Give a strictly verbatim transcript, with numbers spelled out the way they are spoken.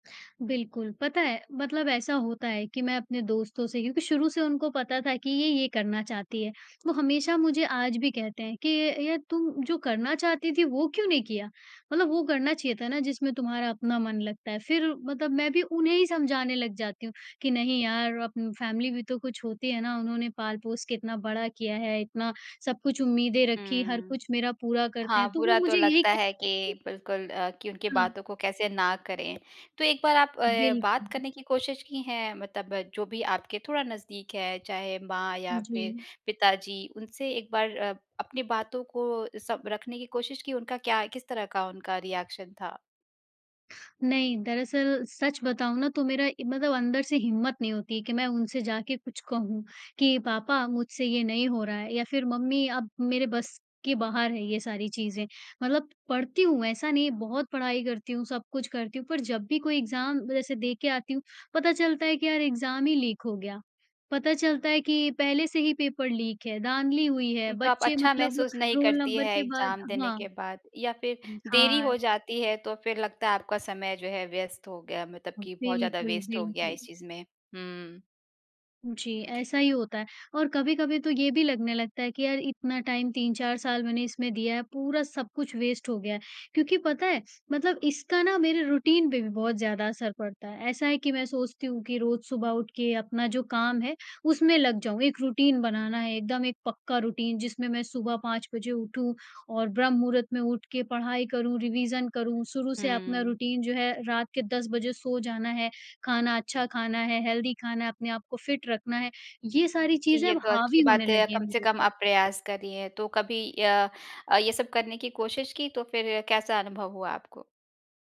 बिल्कुल, पता है, मतलब ऐसा होता है कि मैं अपने दोस्तों से क्योंकि शुरू से उनको पता था कि ये ये करना चाहती है। वो हमेशा मुझे आज भी कहते हैं कि ये ये तू जो करना चाहती थी वो क्यों नहीं किया? मतलब वो करना चाहिए था ना जिसमें तुम्हारा अपना मन लगता है फिर मतलब मैं भी उन्हें ही समझाने लग जाती हूँ कि नहीं यार अब फैमिली भी तो कुछ होती है ना? उन्होंने पाल-पोस के इतना बड़ा किया है इतना सब कुछ उम्मीदें रखीं हर हम्म, कुछ मेरा पूरा करते हैं, हाँ, तो वो बुरा तो मुझे ये लगता है कि कह बिल्कुल अ, कि उनकी हाँ। बातों को कैसे ना करें? तो एक बार आप ए, बात बिल्कुल। करने की कोशिश की हैं मतलब जो भी आपके थोड़ा नज़दीक है, चाहे माँ या फिर जी। पिताजी उनसे एक बार अ, अपनी बातों को सब रखने की कोशिश की? उनका क्या किस तरह का उनका रिएक्शन था? नहीं, दरअसल सच बताऊँ ना तो मेरा ए, मतलब अंदर से हिम्मत नहीं होती है कि मैं उनसे जाके कुछ कहूँ, कि पापा मुझसे ये नहीं हो रहा है, या फिर मम्मी अब मेरे बस के बाहर है ये सारी चीज़ें, मतलब पढ़ती हूँ ऐसा नहीं बहुत पढ़ाई करती हूँ, सब कुछ करती हूँ पर जब भी कोई एग्ज़ाम जैसे दे के आती हूँ, पता चलता है कि यार एग्ज़ाम ही लीक हो गया। पता चलता है कि पहले से ही पेपर लीक है धाँधली हुई है, उम, तो आप बच्चे अच्छा मतलब महसूस नहीं रोल करती नंबर हैं के बाद एग्ज़ाम देने हाँ, के बाद या फिर उम, देरी हाँ। हो जाती है तो फिर लगता है आपका समय जो है व्यस्त हो गया मतलब ह कि बहुत ज़्यादा बिल्कुल, वेस्ट हो गया है बिल्कुल। इस चीज़ में। हुँ। जी, ऐसा ही होता है और कभी-कभी तो ये भी लगने लगता है कि यार इतना टाइम तीन चार साल मैंने इसमें दिया है, पूरा सब कुछ वेस्ट हो गया। क्योंकि पता है? मतलब इसका ना मेरे रूटीन पे भी बहुत ज़्यादा असर पड़ता है। ऐसा है कि मैं सोचती हूँ कि रोज सुबह उठ के अपना जो काम है, उसमें लग जाऊँ, एक रूटीन बनाना है, एकदम एक पक्का रूटीन जिसमें मैं सुबह पाँच बजे उठूँ और ब्रह्म-मुहूर्त में उठ के पढ़ाई करूँ, रिविज़न करूँ, शुरू से अपना हम्म। रूटीन जो है रात के दस बजे सो जाना है, खाना अच्छा खाना है, हेल्थी खाना है अपने आपको फिट रखना है, ये सारी जी, चीज़ें ये अब तो अच्छी हावी होने बात है लगीं हैं कम से मेरे कम ऊपर। आप प्रयास कर रही हैं, तो कभी य अ, ये सब करने की कोशिश की? तो फिर कैसा अनुभव हुआ आपको?